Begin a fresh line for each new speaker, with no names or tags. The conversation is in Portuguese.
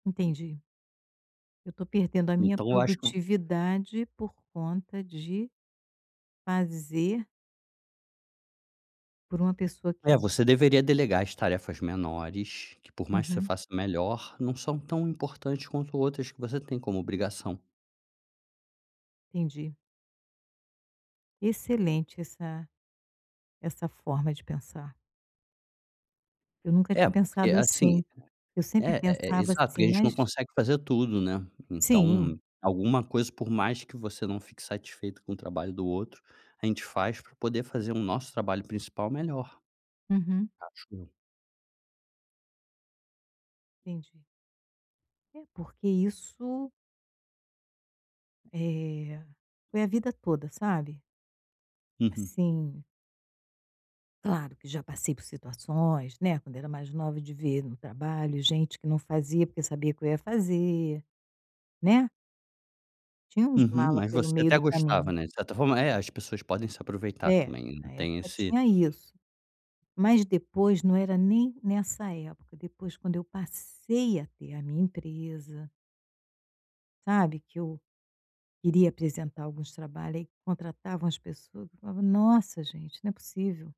Entendi. Eu estou perdendo a minha
Então eu acho que vo
produtividade por conta de fazer por uma pessoa que
É, você deveria delegar as tarefas menores, que por mais que você
Uhum.
faça melhor, não são tão importantes quanto outras que você tem como obrigação.
Entendi. Excelente essa essa forma de pensar. Eu nunca
É,
tinha
porque, é
pensado
assim
assim. Eu sempre
É é é
pensava
exato. Porque
assim:
a gente não
"Mas"
consegue fazer tudo, né. Então,
Sim.
alguma coisa por mais que você não fique satisfeito com o trabalho do outro, a gente faz para poder fazer o nosso trabalho principal melhor.
Uhum.
Acho eu.
Entendi. É, porque isso eh, foi a vida toda, sabe?
Uhum.
Assim Claro que já passei por situações, né, quando era mais nova, de ver no trabalho gente que não fazia, porque sabia que eu ia fazer, né? Tinha uns
Uhum,
mala
mas
pelo
você
meio
até
do
gostava,
caminho.
né. De certa forma É, as pessoas podem se aproveitar
É,
também.
na
Tem
época
esse
tinha isso. Mas, depois, não era nem nessa época, depois, quando eu passei a ter a minha empresa sabe, que eu iria apresentar alguns trabalho, aí contratavam as pessoas, eu falava: "Nossa, gente, não é possível".